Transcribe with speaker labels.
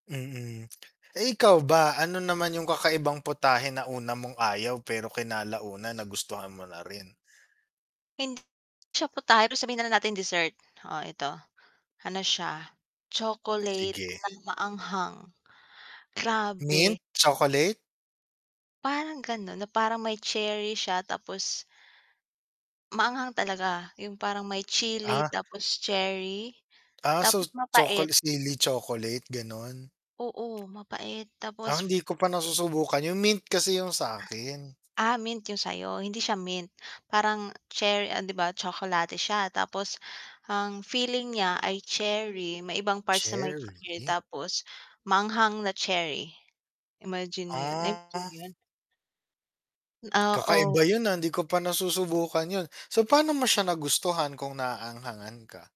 Speaker 1: Mm. Eh, ikaw ba ano naman yung kakaibang putahe na una mong ayaw, pero kinalaunan nagustuhan mo na rin?
Speaker 2: Hindi siya putahe ta's sabihin na lang nating dessert. Oh, ito, ano siya, chocolate
Speaker 1: Sige.
Speaker 2: na maanghang.
Speaker 1: Mint,
Speaker 2: Grabe!
Speaker 1: chocolate?
Speaker 2: Parang ganun na parang may cherry siya tapos maanghang talaga, yung parang may chili,
Speaker 1: Ah.
Speaker 2: tapos cherry,
Speaker 1: Ah, so
Speaker 2: tapos mapait.
Speaker 1: chocol sili chocolate ganon?
Speaker 2: Oo, mapait tapos,
Speaker 1: Ah, hindi ko pa
Speaker 2: eh
Speaker 1: nasusubukan, yung mint kasi yung sa'kin.
Speaker 2: Ah, mint yung sayo, hindi siya mint, parang cherry ah, 'di ba tsokolate siya, tapos ang filling niya ay cherry, may ibang parts na may
Speaker 1: Cherry?
Speaker 2: chocolate tapos maanghang na cherry. Imagine mo yun, na-imagine mo
Speaker 1: Ah.
Speaker 2: yun? Oo.
Speaker 1: Kakaiba yun, ah, hindi ko pa nasusubukan yun. So paano mo siya nagustuhan kung naaanghangan ka?